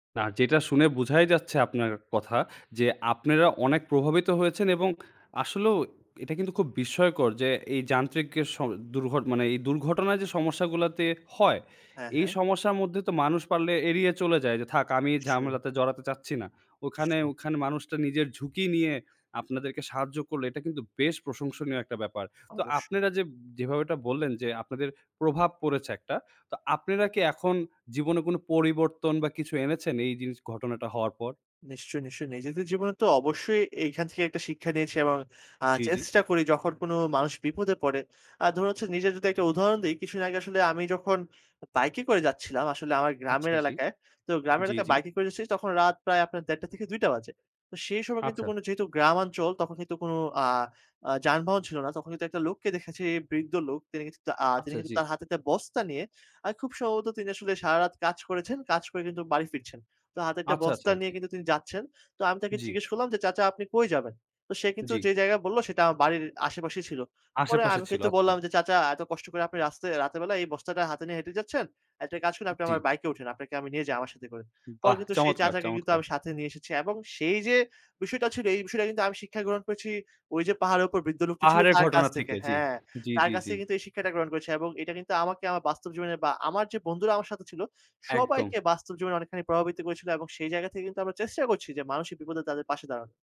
না, যেটা শুনে বোঝাই যাচ্ছে আপনার কথা যে, আপনেরা অনেক প্রভাবিত হয়েছেন এবং আসলেও এটা কিন্তু খুব বিস্ময়কর যে এই যান্ত্রিক এ স দূর্ঘ এ মানে এই দুর্ঘটনায় যে সমস্যাগুলোতে হয়। হ্যাঁ, এই হ্যাঁ। সমস্যার মধ্যে তো মানুষ পারলে এড়িয়ে চলে যায় যে, "থাক, আমি নিশ্চয়ই। ঝামেলাতে জড়াতে চাচ্ছি না।" ওখানে নিশ্চয়ই। ওখানে মানুষটা নিজের ঝুঁকি নিয়ে আপনাদেরকে সাহায্য করলে। এটা কিন্তু বেশ প্রশংসনীয় একটা ব্যাপার। তো অবশ্যই। আপনারা যে যেভাবে এটা বললেন যে আপনাদের প্রভাব পড়েছে একটা। তো আপনেরা কি এখন জীবনে কোন পরিবর্তন বা কিছু এনেছেন এই জিনিস ঘটনাটা হওয়ার পর? নিশ্চয়ই, নিশ্চয়ই। নিজেদের জীবনে তো অবশ্যই এখান থেকে একটা শিক্ষা নিয়েছি এবং আ জি, জি। চেষ্টা করি যখন কোনো মানুষ বিপদে পড়ে। আর ধরুন হচ্ছে নিজের যদি একটা উদাহরণ দেই। কিছুদিন আগে আসলে আমি যখন বাইকে করে যাচ্ছিলাম আসলে আমার আচ্ছা। গ্রামের জি। এলাকায়, তো গ্রামের জি, এলাকায় জি। বাইকে করে যাচ্ছি তখন রাত প্রায় আপনার ১:৩০ থেকে ২:০০ বাজে। তো সেই সময় কিন্তু আচ্ছা। যেহেতু গ্রামাঞ্চল তখন কিন্তু কোন আ আ যানবাহন ছিল না। তখন কিন্তু একটা লোককে দেখেছি, বৃদ্ধ লোক। তিনি কিছু আ যিনি আচ্ছা। কিন্তু আ জি। তার হাতে একটা বস্তা নিয়ে আ খুব সম্ভবত তিনি আসলে সারারাত কাজ করেছেন। কাজ করে কিন্তু বাড়ি ফিরছেন। তো হাতে একটা আচ্ছা, আচ্ছা। বস্তা নিয়ে জি। কিন্তু তিনি যাচ্ছেন। তো আমি তাকে জি। জিজ্ঞেস করলাম যে, "চাচা আপনি কই যাবেন?" তো সে কিন্তু জি। যে জায়গায় বললো সেটা আমার বাড়ির আশেপাশেই ছিল। পরে আশেপাশে আমি ছিল। কিন্তু আচ্ছা। বললাম যে, "চাচা এত কষ্ট করে আপনি রাস্তা এই রাতের বেলায় এই বস্তাটা হাতে নিয়ে হেঁটে যাচ্ছেন। একটা কাজ করুন আপনি জি। আমার বাইকে উঠেন। আপনাকে আমি নিয়ে যাই আমার সাথে করে।" পরে বাহ! কিন্তু সেই চমৎকার, চাচাকে কিন্তু চমৎকার। আমি সাথে নিয়ে এসেছি এবং সেই যে বিষয়টা ছিল এই বিষয়টা কিন্তু আমি শিক্ষা গ্রহণ করেছি ওইযে পাহাড়ের উপর বৃদ্ধ লোকটি ছিল পাহাড়ের তার কাছ ঘটনা থেকে। থেকে। জি, হ্যাঁ, জি, তার জি, কাছ জি। থেকে কিন্তু এই শিক্ষাটা গ্রহণ করেছি এবং এটা কিন্তু আমাকে আমার বাস্তব জীবনে বা আমার যে বন্ধুরা আমার সাথে ছিল, একদম। সবাইকে বাস্তব জীবনে অনেকখানি প্রভাবিত করেছিল এবং সেই জায়গা থেকে কিন্তু আমরা চেষ্টা করছি যে, মানুষের বিপদে তাদের পাশে দাঁড়ানো।